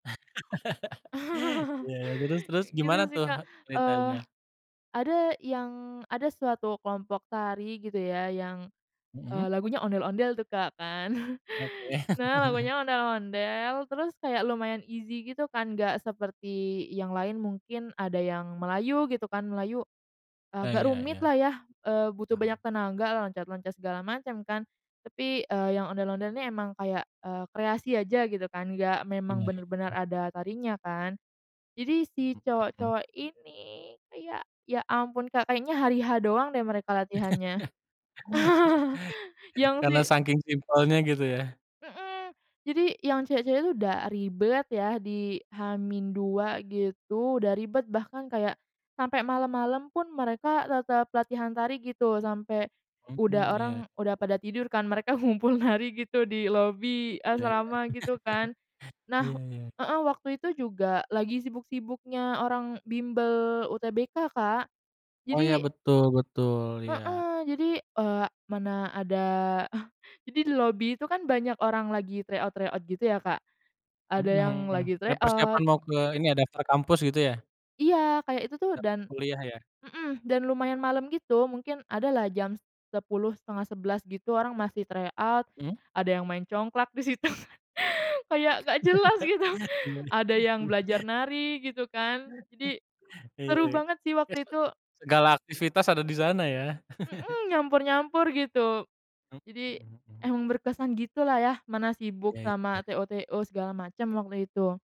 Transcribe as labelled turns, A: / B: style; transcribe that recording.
A: Iya, terus terus
B: Kayak gitu,
A: gimana
B: sih,
A: tuh
B: Kak. Eee,
A: detailnya?
B: ada yang ada suatu kelompok tari, gitu ya, yang eee,
A: Mhm.
B: lagunya Ondel-Ondel tuh, Kak, kan.
A: Oke.
B: Nah, lagunya Ondel-Ondel, terus kayak lumayan easy, gitu kan, nggak seperti yang lain, mungkin ada yang Melayu gitu kan, Melayu, eee,
A: Iya
B: agak
A: iya
B: rumit
A: iya.
B: lah ya, eee, butuh
A: Paham.
B: banyak tenaga, loncat-loncat, segala macam, kan. Tapi, eee, yang Ondel-Ondel ini emang kayak, eee, kreasi aja gitu kan, nggak memang
A: Iya iya
B: bener-bener
A: iya.
B: ada tarinya, kan. Jadi, si
A: Hmm, mhm.
B: cowok-cowok ini, kayak, ya ampun Kak, kayaknya hari-H doang deh, mereka latihannya. Yang si
A: Karena saking simpelnya, gitu, ya?
B: Mhm. Jadi, yang cewek-cewek itu udah ribet ya, di H-2 gitu, udah ribet, bahkan kayak sampai malam-malam pun mereka tetap latihan tari gitu, sampai
A: Mhm,
B: udah orang
A: iya.
B: udah pada tidur kan, mereka ngumpul nari gitu, di lobi
A: Iya iya.
B: asrama, gitu kan.
A: Iya
B: Nah
A: iya.
B: heeh, waktu itu juga lagi sibuk-sibuknya orang bimbel UTBK, Kak.
A: Oh, ya,
B: Jadi
A: betul betul, iya.
B: Heeh, jadi eee, mana ada jadi di lobi itu kan banyak orang lagi tryout-tryout gitu, ya, Kak.
A: Mhm
B: Ada yang
A: mhm,
B: lagi
A: kayak persiapan
B: tryout
A: mau ke ini ya, daftar kampus, gitu ya?
B: Iya, kayak itu tuh
A: Daftar
B: dan
A: kuliah, ya?
B: mhm, dan, lumayan malam gitu, mungkin ada lah jam 10.00, 10.30, gitu, orang masih tryout,
A: Mmm?
B: ada yang main congklak di situ, kayak nggak jelas gitu. Ada yang belajar
A: Iya.
B: nari, gitu kan. Jadi,
A: Iya
B: seru banget sih
A: iya.
B: waktu
A: [unintelligible]
B: itu.
A: Segala aktivitas ada di sana, ya?
B: Mhm, nyampur-nyampur, gitu.
A: Hmm,
B: Jadi,
A: mhm mhm mhm.
B: emang berkesan gitu lah ya, mana sibuk
A: Iya
B: sama
A: iya.
B: TO-TO segala macam, waktu itu.